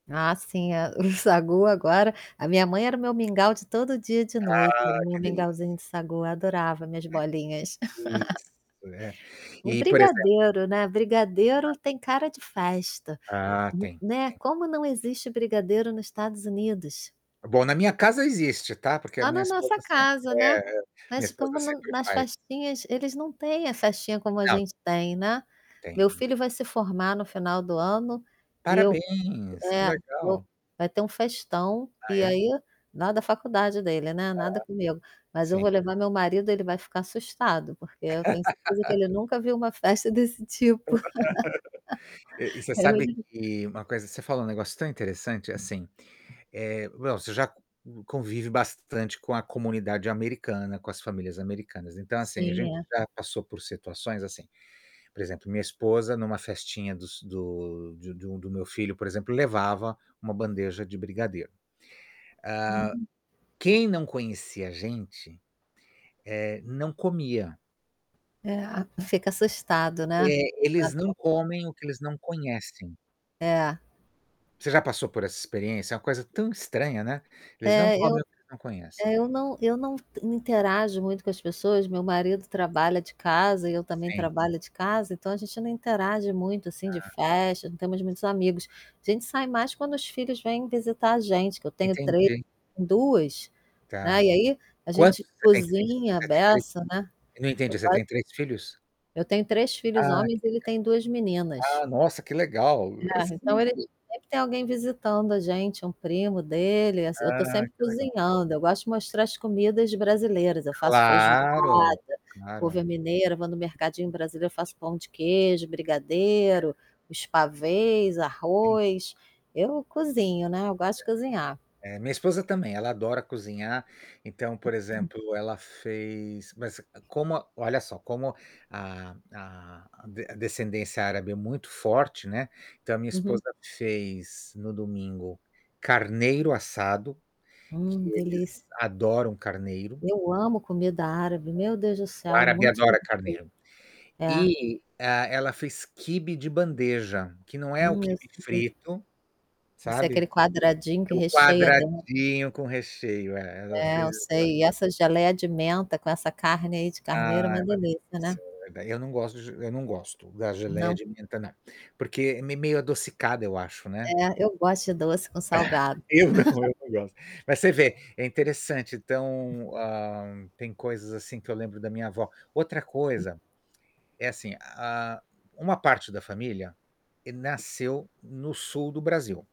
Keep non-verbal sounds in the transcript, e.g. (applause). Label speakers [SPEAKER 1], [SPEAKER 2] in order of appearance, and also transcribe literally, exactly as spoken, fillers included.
[SPEAKER 1] Ah, sim, eh, o sagu agora. A minha mãe era o meu mingau de todo dia de noite,
[SPEAKER 2] Ah, que
[SPEAKER 1] meu
[SPEAKER 2] delícia!
[SPEAKER 1] mingauzinho de sagu, eu adorava minhas
[SPEAKER 2] Ai,
[SPEAKER 1] bolinhas.
[SPEAKER 2] que
[SPEAKER 1] (laughs)
[SPEAKER 2] Isso, é.
[SPEAKER 1] E
[SPEAKER 2] E, por exemplo
[SPEAKER 1] brigadeiro, né, brigadeiro tem
[SPEAKER 2] Ah
[SPEAKER 1] cara de festa,
[SPEAKER 2] Ah,
[SPEAKER 1] n
[SPEAKER 2] tem,
[SPEAKER 1] né.
[SPEAKER 2] tem.
[SPEAKER 1] Como não existe brigadeiro nos Estados Unidos?
[SPEAKER 2] Bom, na minha casa existe, tá, porque a
[SPEAKER 1] Lá
[SPEAKER 2] minha
[SPEAKER 1] na nossa
[SPEAKER 2] esposa sem
[SPEAKER 1] casa,
[SPEAKER 2] é
[SPEAKER 1] né.
[SPEAKER 2] é, minha
[SPEAKER 1] Mas
[SPEAKER 2] esposa
[SPEAKER 1] como no
[SPEAKER 2] sempre
[SPEAKER 1] nas
[SPEAKER 2] faz.
[SPEAKER 1] festinhas, eles não têm a festinha como a
[SPEAKER 2] Não.
[SPEAKER 1] gente tem, né.
[SPEAKER 2] Tem
[SPEAKER 1] Meu
[SPEAKER 2] (unintelligible)
[SPEAKER 1] filho vai se formar no final do ano e eu
[SPEAKER 2] Parabéns, que
[SPEAKER 1] eh, eu
[SPEAKER 2] legal!
[SPEAKER 1] vai ter um festão
[SPEAKER 2] Ah,
[SPEAKER 1] e
[SPEAKER 2] é?
[SPEAKER 1] aí na da faculdade dele, né,
[SPEAKER 2] Aham.
[SPEAKER 1] nada comigo, mas eu vou
[SPEAKER 2] Sim.
[SPEAKER 1] levar meu marido, ele vai ficar assustado, porque eu tenho certeza que
[SPEAKER 2] (laughs)
[SPEAKER 1] ele nunca viu uma festa desse tipo.
[SPEAKER 2] (laughs)
[SPEAKER 1] (laughs)
[SPEAKER 2] E você sabe
[SPEAKER 1] (unintelligible)
[SPEAKER 2] que uma coisa você falou um negócio tão interessante, assim, eh, bom, você já c convive bastante com a comunidade americana, com as famílias americanas. Então assim, a
[SPEAKER 1] Sim,
[SPEAKER 2] gente
[SPEAKER 1] é.
[SPEAKER 2] já passou por situações assim, por exemplo, minha esposa numa festinha dos do de de um do meu filho, por exemplo, levava uma bandeja de brigadeiro. Hã,
[SPEAKER 1] Uhum.
[SPEAKER 2] quem não conhecia a gente eh, não comia.
[SPEAKER 1] Eh, ah fica assustado, né?
[SPEAKER 2] É, eles não
[SPEAKER 1] (unintelligible)
[SPEAKER 2] comem o que eles não conhecem.
[SPEAKER 1] É.
[SPEAKER 2] Você já passou por essa experiência? É uma coisa tão estranha, né, eles não
[SPEAKER 1] É,
[SPEAKER 2] comem
[SPEAKER 1] eu
[SPEAKER 2] o que eles não
[SPEAKER 1] é,
[SPEAKER 2] conhecem.
[SPEAKER 1] eu não eu não não interajo muito com as pessoas, meu marido trabalha de casa e eu também
[SPEAKER 2] Sim.
[SPEAKER 1] trabalho de casa, então a gente não interage muito assim de
[SPEAKER 2] Ah.
[SPEAKER 1] festa, não temos muitos amigos. A gente sai mais quando os filhos vêm visitar a gente, que eu tenho três
[SPEAKER 2] Entendi.
[SPEAKER 1] duas, né.
[SPEAKER 2] Tá.
[SPEAKER 1] E aí, a
[SPEAKER 2] Quantos?
[SPEAKER 1] gente
[SPEAKER 2] Você tem três?
[SPEAKER 1] cozinha à
[SPEAKER 2] Você tem três?
[SPEAKER 1] beça, né.
[SPEAKER 2] Eu não
[SPEAKER 1] Eu
[SPEAKER 2] entendi, você
[SPEAKER 1] quase
[SPEAKER 2] tem três filhos?
[SPEAKER 1] Eu tenho três filhos
[SPEAKER 2] Ah, que
[SPEAKER 1] homens, ele tem duas
[SPEAKER 2] legal.
[SPEAKER 1] meninas.
[SPEAKER 2] legal! Ah, nossa, que legal! eh,
[SPEAKER 1] É, então eles
[SPEAKER 2] cinco.
[SPEAKER 1] sempre tem alguém visitando a gente, um primo dele, ass eu tô
[SPEAKER 2] Ah,
[SPEAKER 1] sempre
[SPEAKER 2] que legal.
[SPEAKER 1] cozinhando, eu gosto de mostrar as comidas brasileiras. Eu faço feijoada,
[SPEAKER 2] Claro,
[SPEAKER 1] couve
[SPEAKER 2] claro.
[SPEAKER 1] à mineira, vou no mercadinho brasileiro, faço pão de queijo,
[SPEAKER 2] É.
[SPEAKER 1] brigadeiro, os pavês,
[SPEAKER 2] (unintelligible)
[SPEAKER 1] arroz. Eu cozinho, né, eu
[SPEAKER 2] Certo.
[SPEAKER 1] gosto de cozinhar.
[SPEAKER 2] Eh, minha esposa também, ela adora cozinhar. Então, por
[SPEAKER 1] (unintelligible)
[SPEAKER 2] exemplo, ela fez mas como olha só, como a a a descendência árabe é muito forte, né, então a minha
[SPEAKER 1] Uhum.
[SPEAKER 2] esposa fez no domingo, carneiro assado, que
[SPEAKER 1] Hum,
[SPEAKER 2] eles
[SPEAKER 1] delícia.
[SPEAKER 2] adoram carneiro.
[SPEAKER 1] Eu amo comida árabe,
[SPEAKER 2] (unintelligible)
[SPEAKER 1] meu Deus do
[SPEAKER 2] O
[SPEAKER 1] céu, é
[SPEAKER 2] árabe
[SPEAKER 1] muito
[SPEAKER 2] adora
[SPEAKER 1] gostoso.
[SPEAKER 2] carneiro.
[SPEAKER 1] É.
[SPEAKER 2] E, hã, ela fez quibe de bandeja, que não é o
[SPEAKER 1] Hum, eu
[SPEAKER 2] quibe
[SPEAKER 1] sei.
[SPEAKER 2] frito,
[SPEAKER 1] Não sei,
[SPEAKER 2] sabe?
[SPEAKER 1] aquele quadradinho
[SPEAKER 2] É
[SPEAKER 1] que
[SPEAKER 2] o
[SPEAKER 1] recheia dentro.
[SPEAKER 2] quadradinho com recheio, é, ela
[SPEAKER 1] É,
[SPEAKER 2] fez,
[SPEAKER 1] eu
[SPEAKER 2] ela
[SPEAKER 1] sei. E essa geleia de menta com essa carne, aí, de carneiro,
[SPEAKER 2] Ah,
[SPEAKER 1] uma
[SPEAKER 2] uma delícia.
[SPEAKER 1] delícia, né?
[SPEAKER 2] Eu não gosto de eu não gosto da geleia
[SPEAKER 1] Não?
[SPEAKER 2] de menta, não. Porque é me meio adocicada, eu acho, né?
[SPEAKER 1] É, eu gosto de doce com
[SPEAKER 2] (chuckles)
[SPEAKER 1] salgado.
[SPEAKER 2] Eu não,
[SPEAKER 1] (laughs)
[SPEAKER 2] eu não gosto. Mas você vê, é interessante. Então, hã, tem coisas assim que eu lembro da minha avó. Outra coisa é assim, hã, uma parte da família nasceu no Sul do Brasil.